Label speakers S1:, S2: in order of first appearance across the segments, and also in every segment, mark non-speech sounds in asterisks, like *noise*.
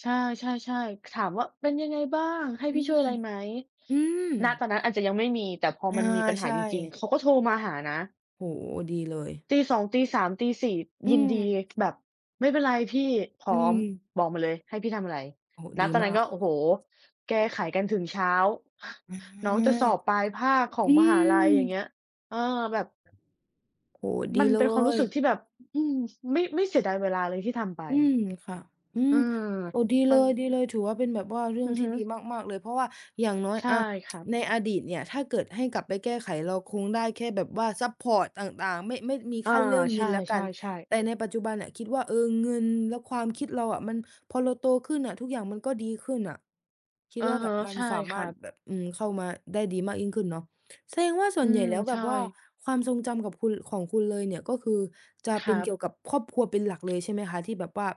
S1: ใช่ ๆ ๆ ถามว่า "เป็นยังไงบ้าง? ให้
S2: อื
S1: พี่ช่วย
S2: อ
S1: อะไรไหม?"
S2: อือ
S1: ณ ตอนนั้นอาจจะยังไม่มี แต่พอ
S2: เออ
S1: มันมีปัญห
S2: ใช
S1: าจริง ๆ
S2: ่
S1: เขาก็โทรมาหานะ
S2: โอ้โฮ ดีเลย
S1: ตี 2 ตี 3 ตี 4
S2: อื
S1: ยินดี
S2: อ
S1: แบบ "ไม่เป็นไร พี่พ
S2: อ
S1: ร้
S2: ื
S1: อม
S2: ม
S1: บอกมาเลยให้พี่ทำอะไร"
S2: โอ้โฮ
S1: ณ
S2: ดี
S1: ตอน
S2: ม
S1: นั
S2: า
S1: ้น
S2: ก
S1: ก็ โอ้โฮ แกขายกันถึงเช้า *chuckles*
S2: อา
S1: น้องจะสอบปลายภาคขอ
S2: อ
S1: ง
S2: ื
S1: มหาลัย อย่างเง
S2: ม
S1: ี้ย เออ แบบ
S2: โอ้โฮ ด
S1: ม
S2: ี
S1: ัน
S2: เล
S1: เป็นความรู้
S2: ย
S1: สึก ที่แบบ อ อืม ไม่ ไม่เสียดายเวลาเลยที่ทำไป
S2: อืม ค่ะ อื
S1: เอ
S2: ม
S1: อ
S2: โอ้ ดีเ
S1: ม
S2: ล
S1: ัน
S2: ย ดีเลย ถือว่า เป็นแบบว่าเรื่
S1: อ
S2: อ
S1: ื
S2: ง
S1: อ
S2: ท
S1: ฮ
S2: ี่
S1: ึ
S2: ดีมาก ๆ เลย เพราะว่าอย่างน้อย
S1: ใช่
S2: อะ
S1: ครับ
S2: *tsk* ในอดีตเนี่ย ถ้าเกิดให้กลับไปแก้ไขเราคงได้แค่แบบว่าซัปพอร์ตต่าง ๆ ไม่ ไม่ มี
S1: อ
S2: ค
S1: า
S2: ั่น เรื่อง
S1: ใ
S2: เ
S1: ช
S2: งินแล้วกัน
S1: ่ ๆ ๆ
S2: แต่ในปัจจุบันน่ะคิดว่า เออ เงินและความคิดเราอะมัน พอเราโตขึ้นอะทุกอย่างมันก็ดีขึ้นน่ะ คิด
S1: อื
S2: ว่า
S1: อ
S2: แ
S1: ฮ
S2: บ
S1: ึ
S2: บมัน
S1: ใช่
S2: สาม
S1: ค
S2: า
S1: ร
S2: ร
S1: ั
S2: ถ
S1: บ
S2: แบบ อืม เข้ามาได้ดีมากยิ่งขึ้นเนาะ แสดงว่า ส่
S1: อ
S2: ว
S1: ื
S2: นใหญ่
S1: ม
S2: แล้วแ
S1: ใ
S2: บ
S1: ช
S2: บ
S1: ่
S2: ว่าความทรงจำกับคุณ ของคุณเลยเนี่ย ก็คือจะ
S1: ค
S2: เป็
S1: รั
S2: นเก
S1: บ
S2: ี่ยวกับครอบครัวเป็นหลักเลยใช่ไหมคะ ที่แบบว่า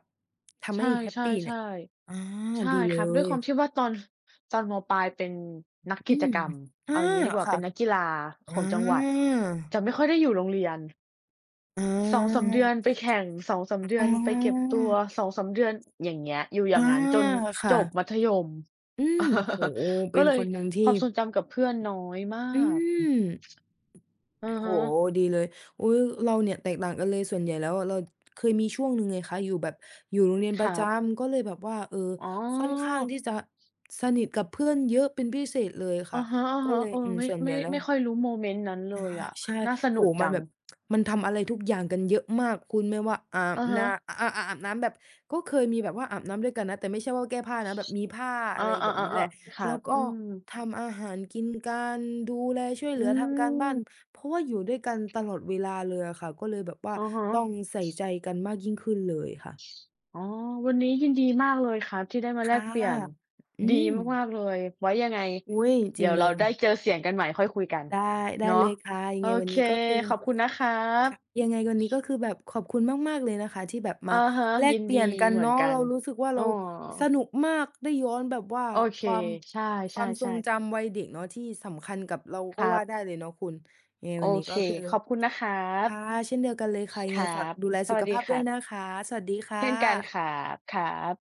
S2: ทำ
S1: ใช
S2: ให้แฮป
S1: ่
S2: ปี
S1: ๆ
S2: เนี่ย อา
S1: ๆ ใช่
S2: ดีเล
S1: ครับ ด้วยความ
S2: ย
S1: ที่ว่าตอน *chuckles* ตอน ม.ปลาย เป็นนัก
S2: อ
S1: ก
S2: อื
S1: ิจ
S2: อ
S1: กรรม
S2: อ
S1: เอ
S2: า
S1: าอย่างงี้ดีกว่า
S2: ค
S1: เ
S2: ่
S1: ป
S2: ะ
S1: ็นนักกีฬา
S2: อ
S1: ข
S2: า
S1: องจังหวัด จะไม่ค่อยได้อยู่โรงเรียน
S2: อ
S1: 2-3 เดือ
S2: า
S1: นไปแข่ง 2-3
S2: อ
S1: เดื
S2: อ
S1: อนไปเก็บตัว
S2: า
S1: 2-3 เดือน อย่างเงี้ย อยู่อย
S2: อ
S1: ่
S2: า
S1: างงั้นจน
S2: ค่
S1: จ
S2: ะ
S1: บมัธยม
S2: อือ โอ้
S1: *chuckles*
S2: โฮ เป
S1: ก
S2: ็
S1: ็
S2: น
S1: เล
S2: ค
S1: ย
S2: นหนึ่งที
S1: ค
S2: ่
S1: วามทรงจำกับเพื่อนน้อยมา
S2: อื
S1: ก
S2: ม
S1: อือ
S2: โอ
S1: ฮ
S2: ้โฮ
S1: ึ
S2: ดีเลย อุ๊ย เราเนี่ยแตกต่างกันเลย ส่วนใหญ่แล้วอะ เราเคยมีช่วงหนึ่งไงคะ อยู่แบบอยู่โรงเรียน
S1: ค
S2: ปร
S1: ร
S2: ะ
S1: ั
S2: จ
S1: บ
S2: ำ ก็เลยแบบว่า เออ
S1: อ๋อ
S2: ค่อนข้างที่จะสนิทกับเพื่อนเยอะเป็นพิเศษเลย
S1: อ
S2: ค่
S1: ื
S2: ะ
S1: อฮึ
S2: ก็เล
S1: ๆ
S2: ย
S1: เออ
S2: อืม
S1: ไม่
S2: ส่วนใ
S1: ไ
S2: ห
S1: ม่
S2: ญ่แล้
S1: ไม่
S2: ว
S1: ค่อยรู้โมเมนต์นั้นเล
S2: อะ
S1: ย
S2: ฮ
S1: อ
S2: ะ
S1: ะ
S2: ใช่
S1: น่าส
S2: โ
S1: น
S2: อ
S1: ุ
S2: ้
S1: ก
S2: โฮ
S1: จ
S2: มั
S1: ั
S2: น
S1: ง
S2: แบบ *tsk* มันทำอะไรทุกอย่างกันเยอะมาก คุณ ไม่ว่าอา
S1: อ
S2: บ
S1: ะฮ
S2: นา
S1: ะ
S2: อะ อะ อะ อาบน้ำแบบ ก็เคยมีแบบว่าอาบน้ำด้วยกันนะ แต่ไม่ใช่ว่าแก้ผ้านะ แบบมีผ้า
S1: อ
S2: อะ
S1: า
S2: ไรแบบนี้แหละ
S1: ๆ ๆ ๆ คร
S2: แ
S1: ั
S2: ล้ว
S1: บ
S2: ก็
S1: อืม
S2: ทำอาหารกินกัน ดูแล ช่วยเห
S1: อ
S2: ล
S1: ื
S2: ือ ทำการบ้าน
S1: ม
S2: เพราะว่าอยู่ด้วยกันตลอดเวลาเลยอะค่ะ ก็เลยแบบว่า
S1: อือฮึ
S2: ต้องใส่ใจกันมากยิ่งขึ้นเลยค่ะ
S1: อ๋อ วันนี้ยินดี มากเลยครับที่ได้มา
S2: ค
S1: แล
S2: ่ะ
S1: กเปลี่ยน
S2: อื
S1: ดี
S2: ม
S1: มาก ๆ เลย ไว้ ยังไง
S2: อุ๊ย
S1: เ
S2: จ
S1: ด
S2: ร
S1: ี
S2: ิ
S1: ๋
S2: ง
S1: ยว
S2: เล
S1: เราได้
S2: ย
S1: เจอเสียงกันใหม่ค่อยคุยกัน
S2: ได้ ได้
S1: เน
S2: เ
S1: า
S2: ล
S1: ะ
S2: ยค่ะ ยั
S1: โ
S2: ง
S1: อ
S2: ไงวัน
S1: เค
S2: นี้ก็คือ
S1: ขอบคุณนะครั
S2: ค
S1: บ
S2: ่ะ ยังไงวันนี้ก็คือแบบขอบคุณมาก ๆ เลยนะคะที่แบบม
S1: อ
S2: า
S1: ือฮึ
S2: แล
S1: ยิ
S2: ก
S1: น
S2: เป
S1: ด
S2: ลี
S1: ี
S2: ่ยนกัน
S1: เหม
S2: เน
S1: ื
S2: า
S1: อน
S2: ะ
S1: กั
S2: เรา
S1: น
S2: รู้สึกว่า
S1: อ
S2: เ
S1: ้
S2: รา
S1: อ
S2: สนุกมาก ได้ย้อนแบบว่า
S1: โอเค
S2: ความ
S1: ใช
S2: ความทร
S1: ่
S2: ง
S1: ๆ ๆ
S2: จำวัยเด็กเนาะ ที่สำคัญกับเรา
S1: ค
S2: ก็
S1: รั
S2: ว่า
S1: บ
S2: ได้เลยเนาะคุณ ยังไง
S1: โอ
S2: วันนี้
S1: เค
S2: ก็คือ
S1: ขอบคุณนะครั
S2: ค
S1: บ
S2: ่ะ เช่นเดียวกันเลยค่ะ
S1: ค
S2: ยังไ
S1: ร
S2: ง
S1: ั
S2: ฝาก
S1: บ
S2: ดูแล
S1: ส
S2: สุ
S1: วัส
S2: ข
S1: ดี
S2: ภาพ
S1: ค
S2: ด้
S1: รั
S2: วย
S1: บ
S2: นะคะ สวัสดีค่
S1: เช่นกัน
S2: ะ
S1: ครับ ครับ